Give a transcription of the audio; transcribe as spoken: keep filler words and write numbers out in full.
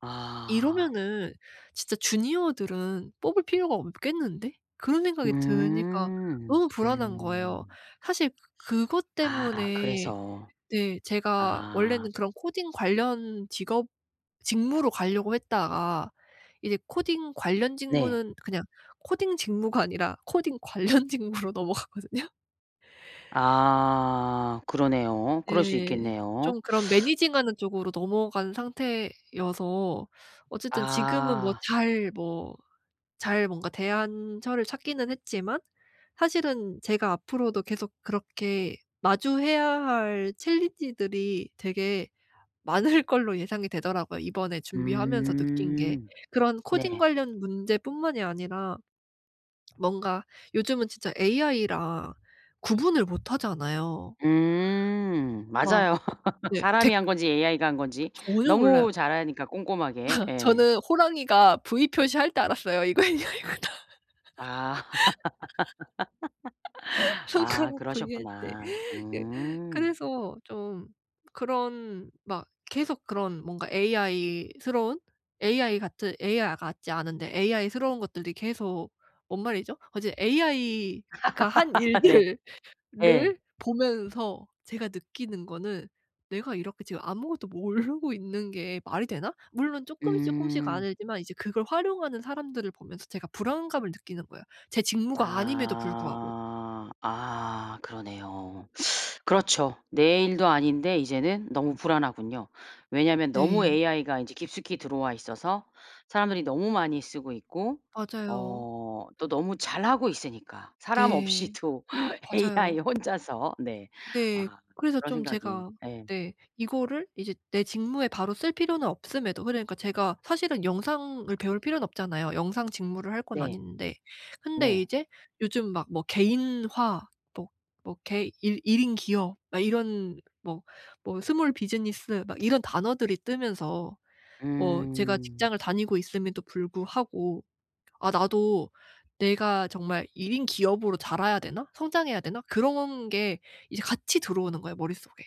아. '이러면은 진짜 주니어들은 뽑을 필요가 없겠는데?' 그런 생각이 드니까 음 너무 불안한 거예요. 음. 사실 그 그것 아 때문에 그래서 네 제가 아. 원래는 그런 코딩 관련 직업 직무로 가려고 했다가 이제 코딩 관련 네. 직무는 그냥 코딩 직무가 아니라 코딩 관련 직무로 넘어가거든요. 아 그러네요. 그럴 수 네. 있겠네요. 좀 그런 매니징 하는 쪽으로 넘어간 상태여서 어쨌든 지금은 뭐 아. 잘 뭐 잘 뭔가 대안처를 찾기는 했지만 사실은 제가 앞으로도 계속 그렇게 마주해야 할 챌린지들이 되게 많을 걸로 예상이 되더라고요 이번에 준비하면서 느낀 게. 음 그런 코딩 네. 관련 문제뿐만이 아니라 뭔가 요즘은 진짜 AI랑 구분을 못하잖아요. 음 와. 맞아요. 네. 사람이 댁 한 건지 AI가 한 건지 전혀 몰라요. 너무 잘하니까 꼼꼼하게. 예. 저는 호랑이가 V 표시할 때 알았어요.' 이거 AI 구나.' 아. 아 손가락 V 할 때. 그러셨구나. 예. 음. 그래서 좀 그런 막 계속 그런 뭔가 AI스러운, AI 같은 AI 아 같지 않은데 AI스러운 것들이 계속 뭔 말이죠? 어. 제 AI가 한 네. 일들을 예. 보면서 제가 느끼는 거는 '내가 이렇게 지금 아무것도 모르고 있는 게 말이 되나?' 물론 쪼끔 쪼끔씩 음. 알지만 이제 그걸 활용하는 사람들을 보면서 제가 불안감을 느끼는 거예요 제 직무가 아님에도 불구하고. 아. 아 그러네요. 그렇죠. 내 일도 아닌데 이제는 너무 불안하군요. 왜냐면 너무 네. AI가 인제 깊숙이 들어와 있어서 사람들이 너무 많이 쓰고 있고 맞아요. 어 또 너무 잘하고 있으니까 사람 네. 없이도 맞아요. AI 혼자서. 네. 네. 아 그래서 그런 좀 생각이 제가 예. 네 이거를 이제 내 직무에 바로 쓸 필요는 없음에도 그러니까 제가 사실은 영상을 배울 필요는 없잖아요 영상 직무를 할 건 네. 아닌데. 근데 네. 이제 요즘 막 뭐 개인화 뭐, 뭐 개 일 일 인 기업 막 이런 뭐, 뭐 스몰 비즈니스 막 이런 단어들이 뜨면서 뭐 제가 음. 직장을 다니고 있음에도 불구하고 '아 나도 내가 정말 일 인 기업으로 자라야 되나? 성장해야 되나?' 그런 게 이제 같이 들어오는 거예요 머릿속에.